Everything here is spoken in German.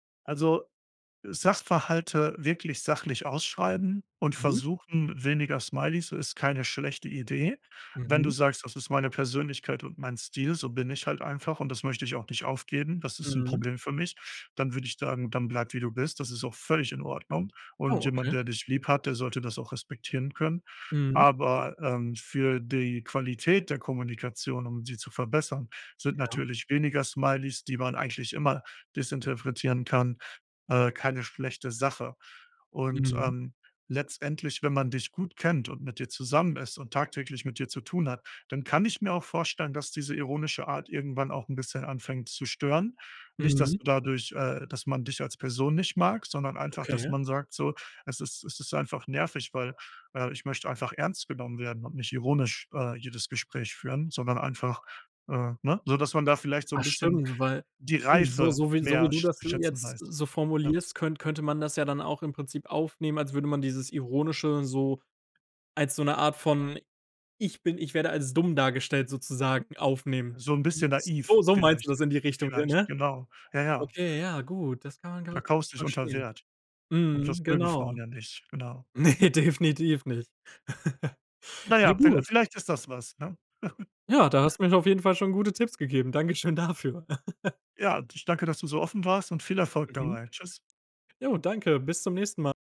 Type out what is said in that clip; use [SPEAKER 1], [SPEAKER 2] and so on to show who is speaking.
[SPEAKER 1] Also, äh, Sachverhalte wirklich sachlich ausschreiben und
[SPEAKER 2] Mhm.
[SPEAKER 1] versuchen, weniger Smileys ist keine schlechte Idee. Wenn du
[SPEAKER 2] Mhm.
[SPEAKER 1] sagst: „Das ist meine Persönlichkeit und mein Stil, so bin ich halt einfach und das möchte ich auch nicht aufgeben, das ist 'n
[SPEAKER 2] Mhm.
[SPEAKER 1] Problem für mich.", dann würd ich dann sagen: „Dann bleib wie du bist." Das ist auch völlig in Ordnung, und
[SPEAKER 2] Oh,
[SPEAKER 1] jemand,
[SPEAKER 2] okay.
[SPEAKER 1] der dich lieb hat, der sollte das auch respektieren können.
[SPEAKER 2] Mhm.
[SPEAKER 1] Aber, ähm, für die Qualität der Kommunikation, um sie zu verbessern, sind
[SPEAKER 2] Ja.
[SPEAKER 1] natürlich weniger Smileys, die man eigentlich immer desinterpretieren kann, äh, keine schlechte Sache. Und,
[SPEAKER 2] Mhm.
[SPEAKER 1] ähm, letztendlich, wenn man dich gut kennt und mit dir zusammen ist und tagtäglich mit dir zu tun hat, dann kann ich mir auch vorstellen, dass diese ironische Art irgendwann auch 'n bisschen anfängt zu stören. Nicht, dass
[SPEAKER 2] Mhm.
[SPEAKER 1] du dadurch, äh dass man dich als Person nicht mag, sondern einfach, dass
[SPEAKER 2] Okay.
[SPEAKER 1] man sagt: „So, es ist es ist einfach nervig, weil äh ich möchte einfach ernst genommen werden und nicht ironisch, äh, jedes Gespräch führen, sondern einfach, äh ne?" So, dass man da vielleicht so
[SPEAKER 2] Ah,
[SPEAKER 1] 'n bisschen
[SPEAKER 2] stimmt, weil
[SPEAKER 1] die
[SPEAKER 2] un so
[SPEAKER 1] Reife
[SPEAKER 2] so wie so wie
[SPEAKER 1] mehr
[SPEAKER 2] du
[SPEAKER 1] sch
[SPEAKER 2] das
[SPEAKER 1] zu schätzen
[SPEAKER 2] jetzt
[SPEAKER 1] weiß.
[SPEAKER 2] so
[SPEAKER 1] Ja?
[SPEAKER 2] formulierst, könn könnte man das ja dann auch im Prinzip aufnehmen, als würde man dieses Ironische so als so 'ne Art von „Ich bin ich werde als dumm dargestellt" sozusagen aufnehmen.
[SPEAKER 1] So 'n bisschen
[SPEAKER 2] S S
[SPEAKER 1] naiv
[SPEAKER 2] So meinst
[SPEAKER 1] vielleicht.
[SPEAKER 2] du das in die Richtung, [unintelligible]
[SPEAKER 1] Vielleicht,
[SPEAKER 2] ne?
[SPEAKER 1] genau. Ja, ja.
[SPEAKER 2] Okay, ja, gut. Das kann man gar
[SPEAKER 1] Du
[SPEAKER 2] nicht
[SPEAKER 1] verkaufst
[SPEAKER 2] wirklich
[SPEAKER 1] dich unter
[SPEAKER 2] verstehen.
[SPEAKER 1] Wert. Und
[SPEAKER 2] Mhm.
[SPEAKER 1] das mögen Frauen
[SPEAKER 2] Genau.
[SPEAKER 1] ja nicht, genau.
[SPEAKER 2] Ne, definitiv nicht.
[SPEAKER 1] Na ja,
[SPEAKER 2] Ja,
[SPEAKER 1] vie
[SPEAKER 2] gut.
[SPEAKER 1] vielleicht ist das was, ne?
[SPEAKER 2] Ja, da hast mir auf jeden Fall schon gute Tipps gegeben. Dankeschön dafür.
[SPEAKER 1] Ja, d ich danke, dass du so offen warst und viel Erfolg
[SPEAKER 2] Mhm.
[SPEAKER 1] dabei. Tschüss.
[SPEAKER 2] Ja, danke. Bis zum nächsten Mal.